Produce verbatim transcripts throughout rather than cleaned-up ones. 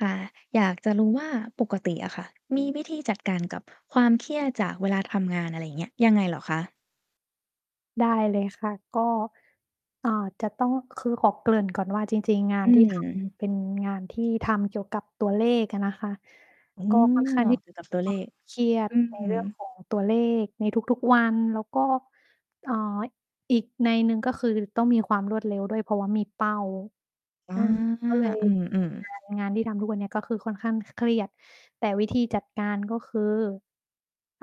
ค่ะ อยากจะรู้ว่าปกติอะค่ะ มีวิธีจัดการกับความเครียดจากเวลาทำงาน อะไรอย่างเงี้ย ยังไงเหรอคะ? ได้เลยค่ะ ก็ อ่า จะต้อง คือขอเกริ่นก่อนว่า จริง ๆ งาอนืที่ ทม ำ เป็น งานที่ทำเกี่ยวกับตัวเลขอะนะคะ ก็ อ๋อ เกี่ยวกับ ตัวเลข ค่อนข้าง ที่จะ เครียด อือในฮึ เรื่องของ ตัวเลขในทุก ๆ วัน แล้วก็ เอ่อ อีกนัยหนึ่ง ก็คือต้องมีความรวดเร็วด้วย เพราะว่ามีเป้า อา อือ ก็เลยอืเม ปๆ ็นงาน งานที่ทำทุกวันนี้ ก็คือค่อนข้าง ค เครียด แต่วิธีจัดการ ก็คือ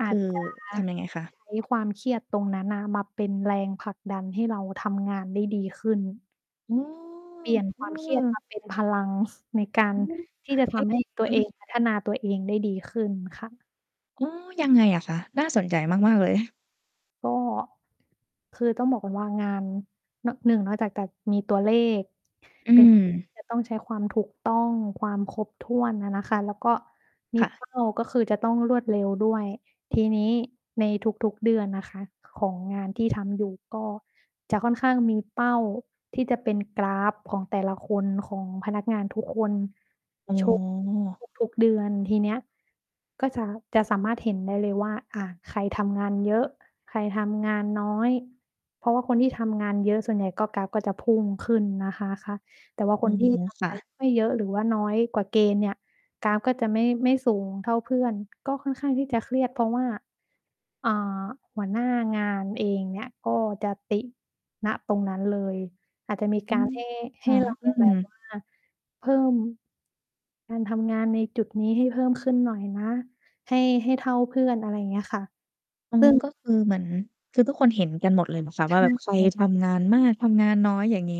อคาืจ อ จะ ทำยังไงคะ? ใช้ความเครียดตรงนั้นน่ะมาเป็นแรงผลักดันให้เราทำงานได้ดีขึ้น โอ้ เปลี่ยนเอความเครียดมอ าเป็นพลัง ในการอืม ที่จะทอื้อำให้ตัฮว ืเอง อ พัฒนาตัวเองได้ดีขึ้นค่ะ อ๋อ ยังไงอะคะ? น่าสนใจมาก ๆ เลย ก็ คือต้องบอกก่อนว่างาน น หนึ่ง นอกจากจะมีตัวเลข อืเป็น ทีม ่ จะต้องใช้ความถูกต้อง ความครบถ้วนอะนะคะ แล้วก็มี ค่ะ เป้า ก็คือจะต้องรวดเร็วด้วย ทีนี้ในทุก ๆ เดือนนะคะ ของงานที่ทำอยู่ ก็จะค่อนข้างมีเป้า ที่จะเป็นกราฟของแต่ละคน ของพนักงานทุกคน อ๋อ โชว์ทุก ทุก ๆ เดือน ทีเนี้ยก็จะ จะสามารถเห็นได้เลยว่า อะ ใครทำงานเยอะ ใครทำงานน้อย เพราะว่าคนที่ทำงานเยอะ ส่วนใหญ่ก็กราฟก็จะพุ่งขึ้นนะคะ คะ แต่ว่าคอืนอที่ ฮึ ทคำง่าะ น ไม่เยอะหรือว่าน้อยกว่าเกณฑ์เนี่ย กราฟก็จะไม่ ไม่สูงเท่าเพื่อน ก็ค่อนข้างที่จะเครียด เพราะว่า อ่า หัวหน้างานเองเนี่ย ก็จะติ ณ ตรงนั้นเลย อาจจะอืม มีการ ให้ ใหอ๋้อ เราอแืบบม ว่า เพิ่ม การทำงานในจุดนี้ให้เพิ่มขึ้นหน่อยนะ ให้ ให้เท่าเพื่อน อะไรอย่างเงี้ยค่ะ อ๋อ ซึ่ง ก็คือเหมือน คือทุกคนเห็นกันหมดเลยนะฟ้าใชว่า แบบใคร่ ทำงานมาก ทำงานน้อย อย่างงี้